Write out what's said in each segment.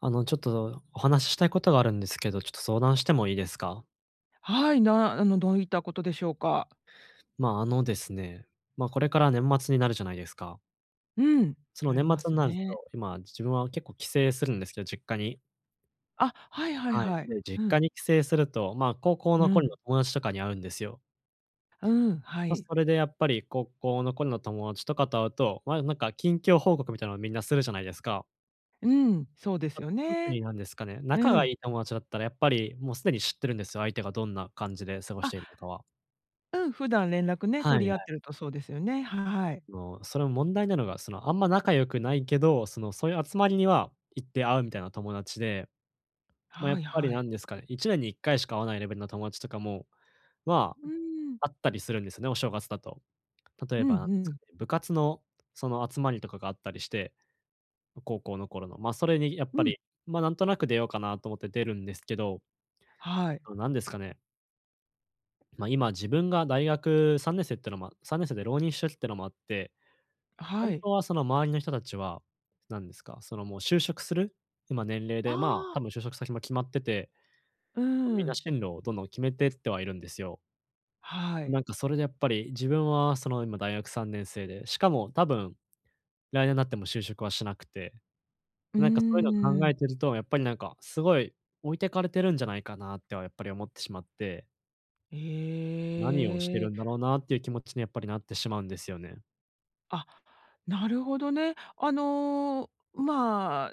あのちょっと、お話ししたいことがあるんですけど、ちょっと相談してもいいですか？はい、なあのどういったことでしょうか。まあ、あのですね、ま、これから年末になるじゃないですか。うん、そのな年りま末んすなると、ね。今、自分は結構帰省するんですけど、実家に。あ、はいはいはい。はい。で、実う家ん。に帰省すると、まあ高校うの頃ん。の友達とかに会うんですよ。うん、はま、い。それでやっぱり、高校の頃の友達とかと会うと、まあなんか近況報告みたいなのをみんなするじゃないですか。うん。そうですあ、よ特ね。になんですかね、仲うがん。いい友達だったら、やっぱり、もう既に知ってるんですよ。相手がどんな感じで過ごしあ。ているのかは。うん、普段連絡ね、はい取はり合っい。てるとそうですよね。はい。あの、それも問題なのが、その、あんま仲良くないけど、その、そういう集まりには行って会うみたいな友達で、ま、やはっいぱりはない。んですかね、1年に1回しか会わないレベルの友達とかも、まうん。あ、会ったりするんですね、お正月だと。例うえんばなんですうかん。ね、部活のその集まりとかがあったりして、高校の頃の。ま、それにやっぱうん。り、ま、なんとなく出ようかなと思って出るんですけど。はい。あの、なんですかね。ま、今、自分が大学3年生ってのま3年生で浪人してるっていうのもあって、ほんはい。とはその周りの人たちは、何ですか、その、もう、就職する、今年齢あで、まあ、多あ。分就職先も決まってて、うーま、みんなん。進路をどんどん決めてってはいるんですよ。はい。なんか、それで、やっぱり自分は、その、今、大学3年生で、しかも多分来年なっても就職はしなくて、うーなんか、そういうの考えん。てると、やっぱり、なんか、すごい置いてかれてるんじゃないかなってはやっぱり思ってしまって何をしてへるえ。んだろうなっていう気持ちには、やっぱりなってしまうんですよね。あ、なるほどね。あの、まあ、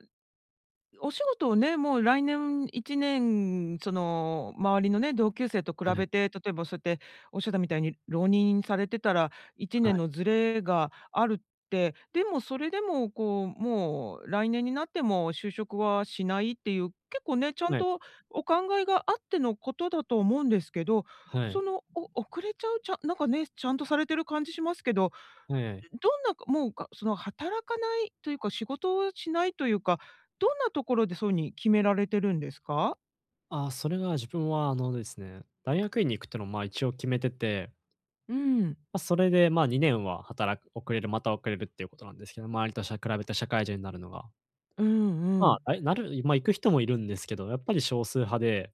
お仕事をね、もう来年1年、その周りのね、同級生と比はい。べて、例えば、そうやって、おっしゃったみたいに、浪人されてたらいちはねんい。のずれがあるって、でもそれでもこう、もう来年になっても就職はしないっていう、結構ね、ちゃんはい。とお考えがあってのことだと思うんですけど、はそい。の、お遅れちゃう、ちゃなんかね、ちゃんとされてる感じしますけど、はいはい。どんなもう、かその働かないというか、仕事をしないというか、どんなところでそうに決められてるんですか？ああ、それは、自分はあのですね、大学院に行くっていうのをまあ一応決めてて。うん。ま、それでまあ2年は働く遅れるまた遅れるっていうことなんですけど、周りとしゃ比べて社会人になるのが。うんうまん。あ、え、なるま、行く人も居るんですけど、やっぱり少数派で。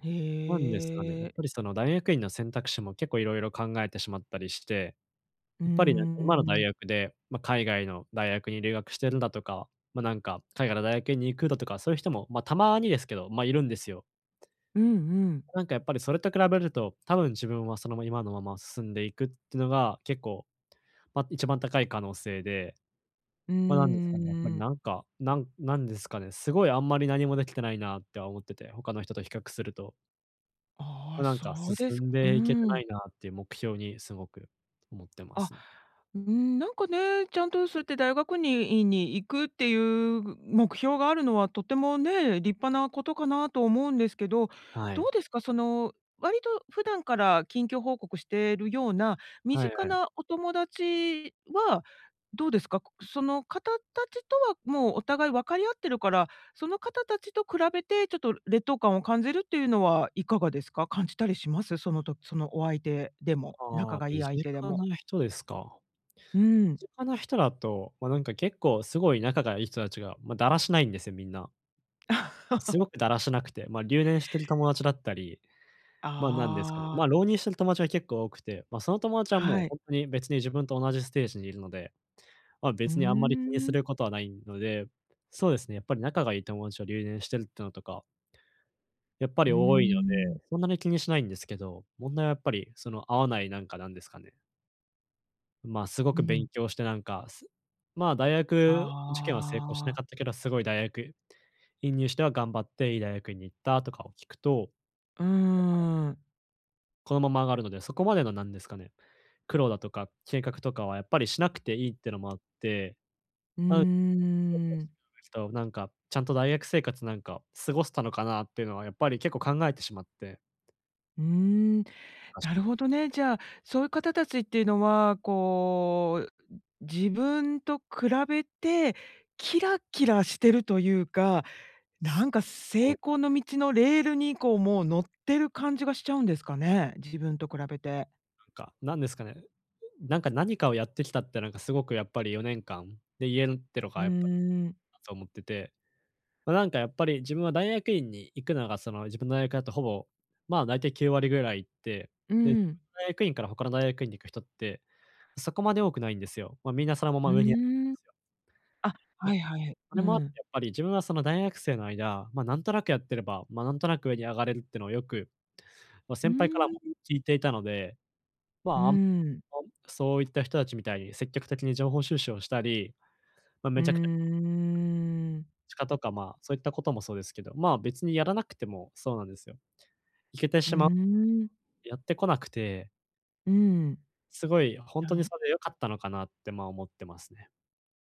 へなんですかね、やっえ。ぱりその大学院の選択肢も結構色々考えてしまったりして、うーやっぱりなんか今の大ん。学で、ま、海外の大学に留学してるだとか、ま、なんか海外の大学院に行くだとか、そういう人も、ま、たまにですけど、ま、居るんですよ。うんうん。なんかやっぱりそれと比べると、多分自分はその、ま、今のまま進んでいくってのが、結構、ま、一番高い可能性で。うーま、何ですかね。やっぱりん。なんか、なん何ですかね。すごいあんまり何も出来てないなっては思ってて、他の人と比較すると。あま、あ、なんかそうで進すんうでいけてなん。いなっていう目標に。すごく、思ってまあ、すね。うーん、なんかね、ちゃんとそうやって大学に院に行くっていう目標があるのはとてもね、立派なことかなと思うんですけど、はどい。うですか、その、割と普段から近況報告してるような、身はい近はい。なお友達は、どうですか？その方たちとはもうお互い分かり合ってるから、その方たちと比べて、ちょっと劣等感を感じるっていうのは、いかがですか？感じたりします？そのとそのお相手でもあ仲あ、がいい身相近手でも。な人ですか。うん。身近な人だと、ま、なんか結構すごい仲がいい人たちが、ま、だらしないんですよ、みんな。す ごくだらしなくて、ま、留年してる友達だったり、ま、何ですかね、ああ。ま、浪人してる友達は結構多くて、ま、その友達はもはう、い。本当に別に自分と同じステージに居るので。ま、う別にあんまり気にーすん。ることはないので。そうですね、やっぱり仲がいい友達が留年してるってのとかやっぱうりー多いので、ん。そんなに気にしないんですけど、問題はやっぱりその合わないなんかなんですかね。ま、すごうく勉ん。強してなんか、すま、大学受験は成功しなああ。かったけど、すごい大学院入試では頑張っていい大学院に行ったとかを聞くと、やっうーぱりん。このまま上がるので、そこまでのなんですかね、苦労だとか計画とかはやっぱりしなくていいってのもあって、うあうー ん。となんか、ちゃんと大学生活なんか、過ごせたのかなってのはやっぱり結構考えてしまって。うーん。おかしなるくて。ほどね。じゃあ、そういう方たちっていうのは、こう、ん、自分と比べて、キラキラしてるというか、なんか成 功の道のレールに、こう、もう乗ってる感じがしちゃうんですかね、自分と比べて。なんか、なんですかね、なんか、何かをやってきたってなんかすごくやっぱり4年間、で言えるってのうーがやっぱん。そう思ってて、ま、なんかやっぱり自分は大学院に行くのがその、自分の大学だとほぼ、ま、だいたい9割ぐらい行って、うで、ん。大学院から他の大学院に行く人って、そこまで多くないんですよ。ま、みんなそのまうま上にあーん。あ、いはや、いはい。そうれもあってん。やっぱり、自分はその大学生の間、ま、なんとなくやってれば、ま、なんとなく上に上がれるってのはよく、ま、う先輩からもーん。聞いていたので、うーま、あんん。そういった人達みたいに積極的に情報収集をしたり、ま、うめーちゃくちゃ ん。しかとか、ま、そういったこともそうですけど、ま、別にやらなくてもそうなんですよ。行けてうしーまん。やってこなくて。うん。すごい、ほんはとにい。それで良かったのかなって、まあ思ってますね。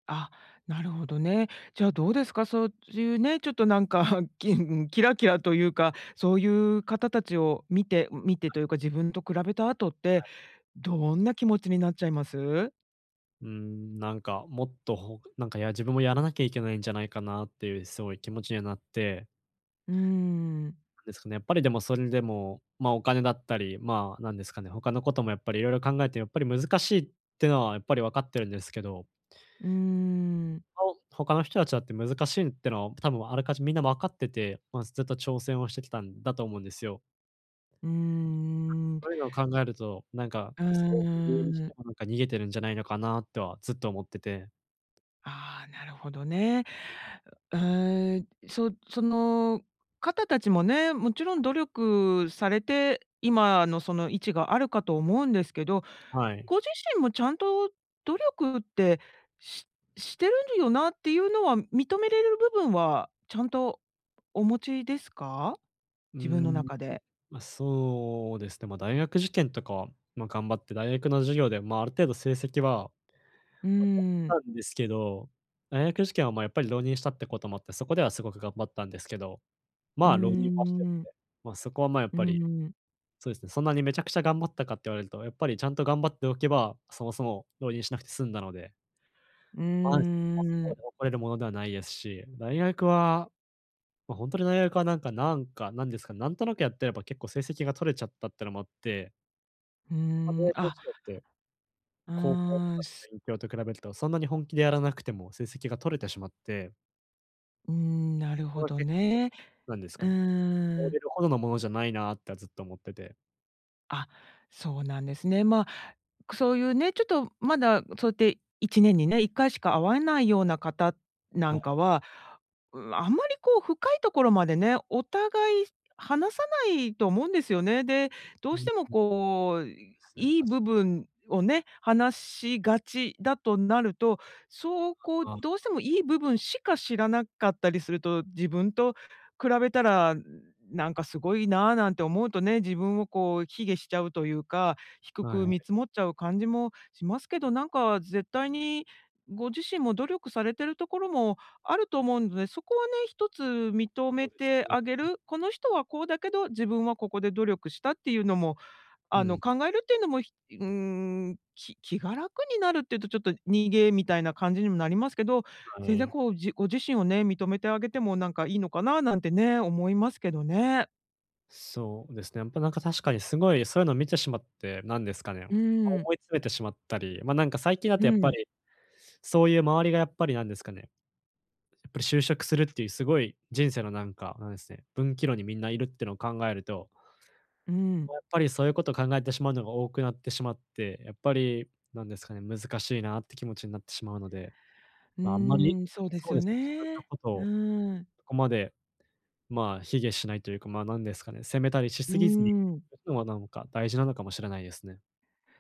あ、なるほどね。じゃあどうですか、そういうね、ちょっとなんか、きん、キラキラというか、そういう方達を見て、見て というか、自分と比べた後っはて、い。どんな気持ちになっちゃいます？うーん、なんかもっと、ほなんかや自分もやらなきゃいけないんじゃないかなっていうすごい気持ちにはなって。うーん。ですかね、やっぱりでもそれでも、まあお金だったり、まあ、なんですかね、他のこともやっぱり色々考えて、やっぱり難しいってのはやっぱり分かってるんですけど。うーん。ほ他の人たちだって難しいってのは、多分あらかじめみんな分かってて、まあ、ずずっと挑戦をしてきたんだと思うんですよ。うーん。そういうのを考えると、なんか、うそれを理由にしーてん。もなんか逃げてるんじゃないのかな、とはずっと思ってて。ああ、なるほどね。うーん。そその方たちもね、もちろん努力されて、今のその位置があるかと思うんですけど、はい。ご自身もちゃんと努力って、ししてるよなっていうのは認めれる部分は、ちゃんとお持ちですか？うー自分のん。中で。ま、そうですね、ま、大学受験とかは、ま、頑張って、大学の授業でまあある程度成績はうま、取ん。ったんですけど、大学受験はまあやっぱり浪人したってこともあって、そこではすごく頑張ったんですけど、うーまあ、浪人はしてるのん。で、まあ、そこはまあやっうぱり、ん。そうですね。そんなにめちゃくちゃ頑張ったかって言われると、やっぱりちゃんと頑張っておけば、そもそも浪人しなくて済んだので。うまあ、そこはそーこまん。で誇れるものではないですし、大学は、ま、ほんとに大学はなんかなんか、なんですか、なんとなくやってれば結構成績が取れちゃったっていうのもあって。うーん、あ う高校とーかん、すの勉強と比べると、そんなに本気でやらなくても成績が取れてしまって。うん、なるそこほはど結ね。構、なんですうかね、れん。るほどのものじゃないなってはずっと思ってて。あ、そうなんですね。ま、そういうね、ちょっとまだそうやって1年にね、1回しか会わないような方なはんい。かは、う、あんまりこう深いところまでね、お互い話さないと思うんですよね。で、どううしてもん。こう、っすね、いいたし部分をね、話しがちだとなると、そうこあどうしてあ。もいい部分しか知らなかったりすると、自分と比べたらなんかすごいな、なんて思うとね、自分をこう卑下しちゃうというか、低はくい。見積もっちゃう感じもしますけど、なんか絶対に、ご自身も努力されてるところもあると思うので、そこはね、一つ認そめうですてね。あげうん。る。この人はこうだけど、自分はここで努力したっていうのも、うあのん。考えるっていうのも、ひうーん、き気が楽になるっていうとちょっと逃げみたいな感じにもなりますけど、は全然い。こう、じご自身をね、認めてあげてもなんかいいのかな、なんてね、思いますけどね。そうですね。やっぱなんか確かにすごいそういうのを見てしまって、なんですかね、うーん。思い詰めてしまったり、ま、なんか最近だうとやっぱん。り、そういう周りがやっぱりなんですかね。やっぱり就職するっていうすごい、人生のなんか、なんですね、分岐路にみんないるってのを考えると。うーやん。っぱり、そういうことを考えてしまうのが多くなってしまって、やっぱり、なんですかね、難しいなって気持ちになってしまうので。うまあ、あんまり、ーん、そうでそすうよですね、自分のね。ことうをーん。そこまで、まあ、卑下しないというか、まあ、なんですかね、責めたりしうーすぎずに、いん。くのがなんか、大事なのかもしれないですね。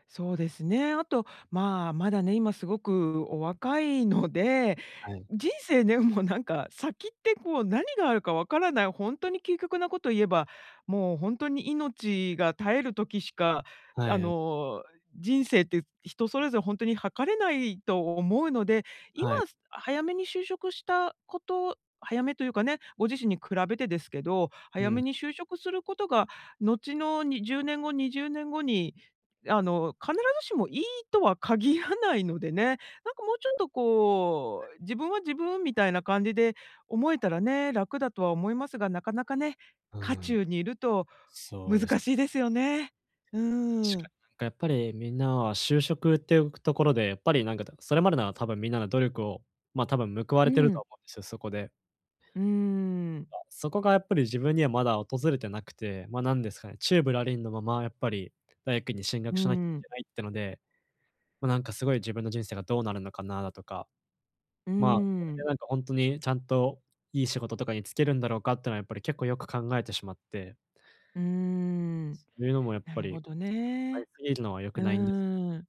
そうですね。あとまあ、まだね、今すごくお若いので。はい。人生ね、もうなんか、先ってこう何があるかわからない、ホントに究極なこと言えば、もうホントに命が絶える時しか、はあい、あ。の、人生って人それぞれ、ホントに測れないと思うので。今はい。早めに就職したこと、早めというかね、ご自身に比べてですけど、う早ん。めに就職することが、後の、に10年後、20年後に、あの、必ずしもいいとは限らないのでね。なんかもうちょっとこう、自分は自分みたいな感じで思えたらね、楽だとは思いますが、なかなかね、うー渦ん。中にいると、そうです。難しいですよね。うー確かん。になんかやっぱり、みんなは就職って、うくところで、やっぱりなんか、だそれまでなら多分みんなの努力を、ま、多分報わうれてるとん。思うんですよ、そこで。うーん。だ、そこがやっぱり、自分にはまだ訪れてなくて、ま、なんですかね、宙ぶらりんのままやっぱり、大学院に進学うしなきゃいん。けないってので、もうなんかすごい自分の人生がどうなるのかな、だとか。うーまあ、それでん。なんかホントにちゃんといい仕事とかにつけるんだろうかってのはやっぱり結構よく考えてしまって。うーん。そういうのもやっなぱるり、ほど考えね。すぎるのは良うくないんですよね。ーん。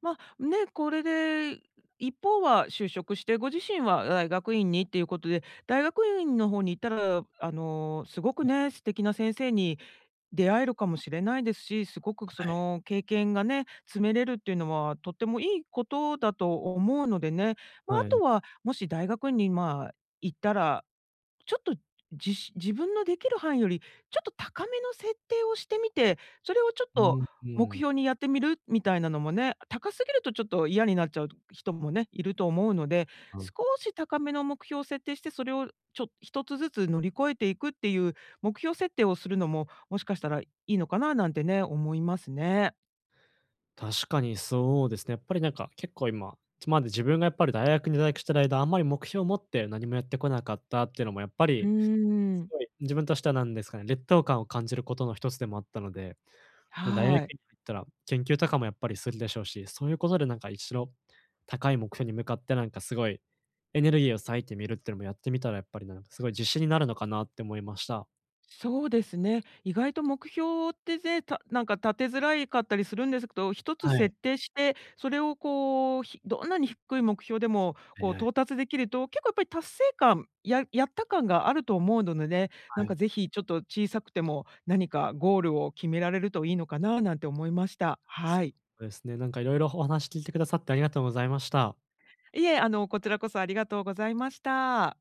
ま、ね、これで、一方は就職して、ご自身は大学院にっていうことで、大学院の方に行ったら、あの、すごくはい。ね、素敵な先生に出会えるかもしれないですし、すごくそはい。の経験がね、積めれるっていうのは、とってもいいことだと思うのでね。まあ、あはとい。は、もし大学院に、まあ、行ったら、ちょっと、じし自分のできる範囲より、ちょっと高めの設定をしてみて、それをちょっうん、と、う目ーん。標にやってみる、みたいなのもね。高すぎるとちょっと嫌になっちゃうと人もね、いると思うので、はい。少し高めの目標を設定して、それをちょ一つずつ乗り越えていくっていう目標設定をするのも、もしかしたらいいのかな、なんてね、思いますね。確かにそうですね。やっぱりなんか、結構今、ちまだ自分がやっぱり大学に在学している間、あんまり目標を持って何もやってこなかったってのも、やっぱうーり、すん。ごい自分としては、なんですかね、劣等感を感じることの、ひとつでもあったので。もう大学院はい。に入ったら、研究とかもやっぱりするでしょうし、そういうことでなんか、一度、高い目標に向かって、なんかすごいエネルギーを割いてみるってのもやってみたら、やっぱりなんかすごい自信になるのかなって思いました。そうですね。意外と目標って、ぜいたなんか立てづらいかったりするんですけど、ひとつはい。設定して、それをこう、ひどんなに低い目標でも、こうね。到達できると、結構やっぱり達成感、ややった感があると思うのでね。なはんかい。ぜひちょっと小さくても、なにかゴールを決められるといいのかな、なんて思いました。はい。そうですね。なんかいろいろ、お話聞いてくださってありがとうございました。いえ、あの、こちらこそありがとうございました。